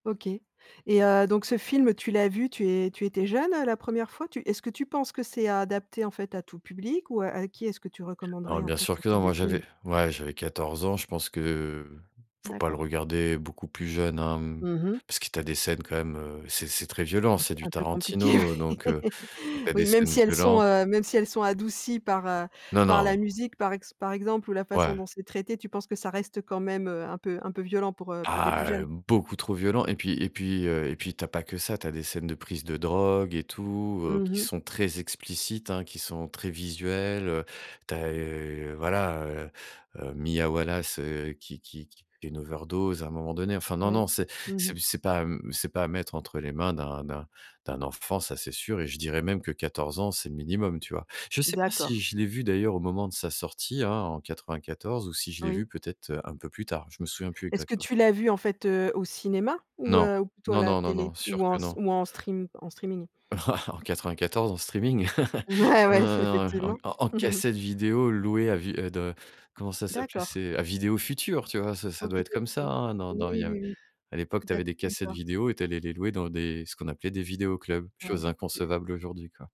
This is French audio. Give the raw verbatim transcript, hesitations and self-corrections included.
OK et heu, donc ce film tu l'as vu, tu es tu étais jeune, heu, la première fois? Tu est-ce que tu penses que c'est adapté en fait à tout public ou a avec qui est-ce que tu recommanderais Alors en bien fait sûr ce que type non. de Moi film? j'avais ouais, j'avais quatorze ans. Je pense que, faut pas le D'accord. regarder beaucoup plus jeune, hein, mmh, Mmh mh. parce que tu as des scènes quand même, heu, c'est c'est très violent, Donc c'est du un peut compliqué. Tarantino, donc, Oui, heu, donc tu as des oui, même scènes si elles sont, violentes. heu, même si elle sont adoucies par, heu, Non, par non. la musique par ex par exemple ou la façon Ouais. dont c'est traité, tu penses que ça reste quand même, heu, un peu un peu violent pour, heu, pour des plus Ah, heu, jeunes? beaucoup trop violent et puis et puis, heu et puis, tu as pas que ça, tu as des scènes de prises de drogue et tout, heu, Mmh qui mh. sont très explicites hein, qui sont très visuelles, heu. Tu as, heu, voilà, heu, Mia Wallace, heu, qui qui qui fait une overdose à un moment donné. Enfin non, Oui, non, c'est mmh mh. c'est c'est pas, mmh c'est pas à mettre entre les mains d'un d'un d'un enfant, ça, c'est sûr. Et je dirais même que quatorze ans, c'est le minimum, tu vois? Je sais pas si D'accord. je l'ai vu d'ailleurs au moment de sa sortie, hein, en quatre-vingt-quatorze ou si je l'ai Oui. vu peut-être, heu, un peu plus tard. Je me souviens plus Est-ce que exactement. tu l'as vu en fait, heu, au cinéma ou, Non, heu, ou plutôt à non, la non, non, télé non, sûr ou en que s non. ou en stream en streaming? En quatre-vingt-quatorze en streaming, Ouais, heu, ouais, en effectivement. en en cassette vidéo louée à vue de comment ça s'appelait? D'accord. C'est à Vidéo Futur, tu vois? Ce ça OK, doit être comme ça, OK. hein. Dans Oui, dans il y a, oui, oui. à l'époque, tu D'ac avais des cassettes d'accord. vidéo et tu allais les louer dans des ce qu'on appelait des vidéos clubs, Ouais. chose inconcevable aujourd'hui, quoi.